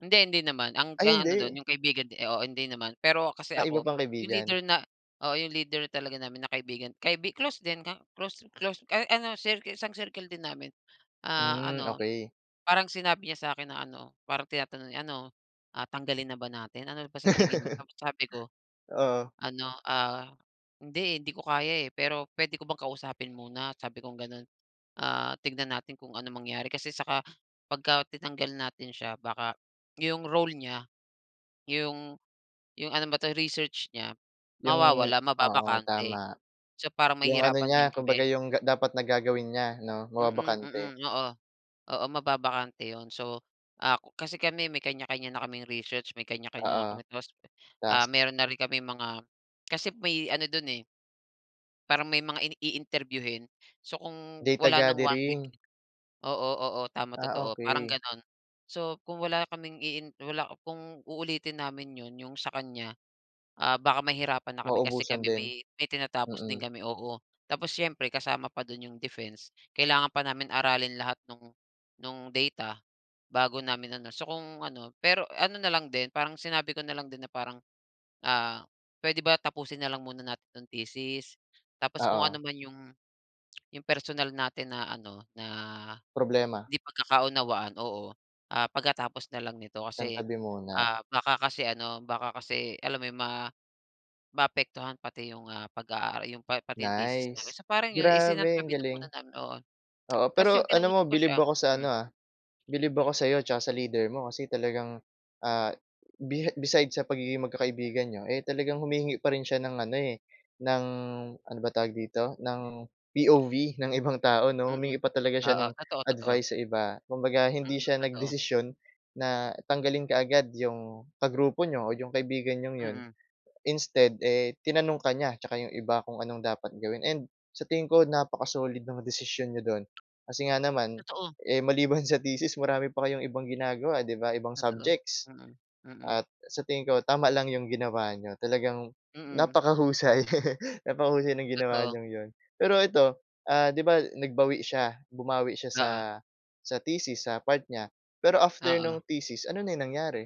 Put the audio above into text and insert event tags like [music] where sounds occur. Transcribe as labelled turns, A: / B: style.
A: Hindi, hindi naman, ang
B: Ay,
A: ga ano
B: hindi.
A: do'n, yung kaibigan di oo, hindi naman. Pero, kasi
B: Ah, iba
A: ako,
B: pang
A: yung
B: kaibigan.
A: leader na oo, yung leader talaga namin na kaibigan, kaibi close din, ka close close a ano circle, isang circle din namin. Ah,
B: Hmm,
A: ano,
B: okey.
A: parang sinabi niya sa'kin na ano, parang tinatanong niya, "Ano, ah tanggalin na ba natin, ano ba sa tingin mo?"
B: [laughs]
A: Tapos sabi ko,
B: Oo.
A: ano ah, "Hindi, hindi ko kaya eh, pero, puwede ko bang kausapin muna?" Sabi kong gano'n, ah, "Tignan natin kung ano mangyari, kasi saka pagka tinanggal natin siya, baka, yung role niya, yung yung ano ba to, research niya,
B: Yung
A: mawawala,
B: oo,
A: mababakante".
B: tama.
A: So, parang
B: 'Yong ano
A: mahihirapan
B: niya,
A: din
B: kumbaga,
A: kami.
B: 'yong ga dapat na gagawin niya 'no,
A: Mm, mm.
B: mababakante.
A: Oo, oo, mababakante yun. So, ah, kasi kami may kany-kanya na kaming research, may kanya-kanya na
B: Oo,
A: kami, tapos, ah,
B: task.
A: meron na rin kaming mga kasi may ano do'n eh parang may mga ini i-interview-hin. So, kung
B: Data
A: wala ng 1 week
B: gathering.
A: oo, oo, tama,
B: Ah,
A: totoo, parang
B: okey.
A: gano'n. So, kung wala kaming iin wala kung uulitin namin 'yon, 'yong sa kanya, ah, baka mahirapan na kami kasi
B: Maubusan
A: kami
B: din,
A: may may tinatapos din
B: mm.
A: kami, oo. Tapos siyempre kasama pa do'n yung defense, kailangan pa namin aralin lahat no'ng no'ng data, bago namin ano. So kung ano pero ano na lang din, parang sinabi ko na lang din na parang, ah, "Puwede ba tapusin na lang muna natin 'tong thesis, tapos kung
B: Oo.
A: anuman yung yung personal natin na ano, na,
B: Problema.
A: 'di pagkakaunawaan, oo, ah, pagkatapos na lang nito." Kasi,
B: Isantabi muna.
A: ah, baka kasi ano, baka kasi, alam mo yun, ma maapektuhan pati yung ah, pag-aara yung pa pati yung thesis namin.
B: Nice.
A: So parang yun,
B: Grabe ang
A: isinantabi na
B: galing.
A: muna namin oo. [tsk]
B: Oo,
A: Tas
B: pero,
A: yung
B: alam mo,
A: kinausap ko
B: bilib
A: siya.
B: ako sa ano
A: Mm.
B: ah, bilib ako sa'yo tsaka sa leader mo, kasi talagang, ah, bihi beside sa pagiging magkakaibigan niyo, eh, talagang humihingi pa rin siya ng ano eh, ng ano bang tawag dito? Ng POV ng ibang tao 'no,
A: Mm,
B: humingi pa talaga siya
A: oo,
B: ng
A: totoo, totoo.
B: advice sa iba. Kumbaga, hindi
A: Mm,
B: siya
A: totoo.
B: nagdesisyon na tanggalin kaagad, 'yong kagrupo niyo o 'yong kaibigan niyong 'yon.
A: Mm.
B: Instead, eh, tinanong ka niya, tsaka 'yong iba kung anong dapat gawin, and sa tingin ko napaka-solid ng desisyon niyo do'n. Kasi nga naman,
A: Totoo.
B: eh, maliban sa thesis marami pa kayong ibang ginagawa, 'di ba, ibang
A: Totoo,
B: subjects.
A: mm, mm.
B: At sa tingin ko, tama lang 'yong ginawa niyo, talagang
A: Mm.
B: napakahusay, [laughs] napakahusay ng ginawa
A: Totoo.
B: niyong 'yon. Pero ito, ah, 'di ba nagbawi siya, bumawi siya sa
A: Oo.
B: sa thesis, sa part niya, pero after
A: Oo.
B: no'ng thesis, ano na 'yong nangyari?